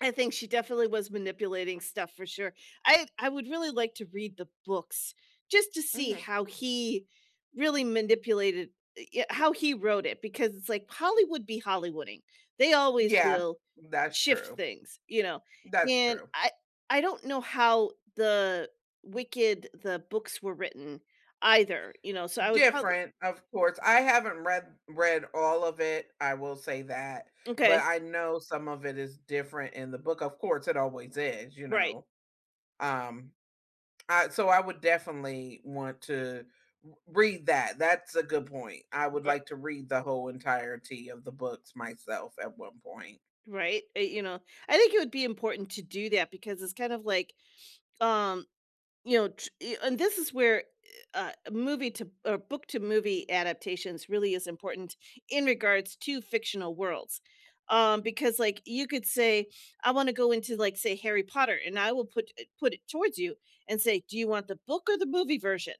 I think she definitely was manipulating stuff for sure, I I would really like to read the books, just to see Mhm. how he really manipulated i yeah, how he wrote it, because it's like Hollywood be Hollywooding, they always Yeah, will that's shift true. things, you know, That's and true. I I don't know how the Wicked the books were written either, you know, so I would probably Different, of course, I haven't read read all of it, I will say that, but M'kay. I know some of it is different in the book, of course, it always is, you Right. know, um, I so I would definitely want to r read that, that's a good point, I would But like to read the whole entirety of the books myself at one point. Right, uh, you know, I think it would be important to do that because it's kind of like, um, you know, t and this is where, eh, uh, a movie to or book to movie adaptations really is important in regards to fictional worlds, um, because like you could say, "I wanna go into like, say Harry Potter," and I will put it put it towards you and say, do you want the book or the movie version?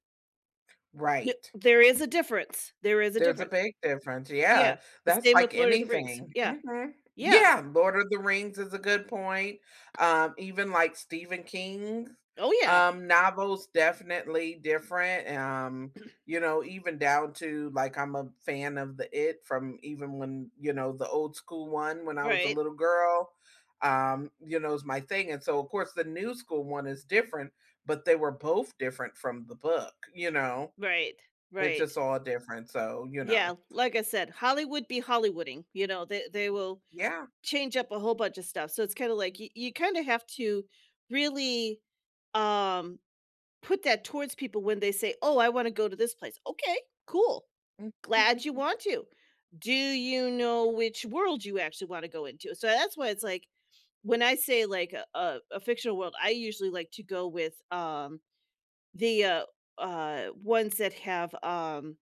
The Right. there is a difference, there is a There's a difference. big difference, Yeah, yeah, the that's same with like Lord of the Rings, anything, yeah, mhm yeah. Yeah, Lord of the Rings is a good point, um, even like Stephen King's, Oh, yeah. um, novels, definitely different, um, you know, even down to like I'm a fan of the It from even when, you know, the old school one when I was a Right. little girl, um, you know, it's my thing, and so of course the new school one is different, but they were both different from the book, you know. Right, It's right. just all different, so, you Yeah, know. like I said, "Hollywood be Hollywooding," you know, they they will Yeah. change up a whole bunch of stuff, so it's kind of like y you kind of have to really, um, put that towards people when they say, "Oh, I wanna go to this place," okay, cool. Mm. Glad you want to, do you know which world you actually wanna go into, so that's why it's like, when I say like a a a fictional world, I usually like to go with, um, the, uh uh, ones that have, um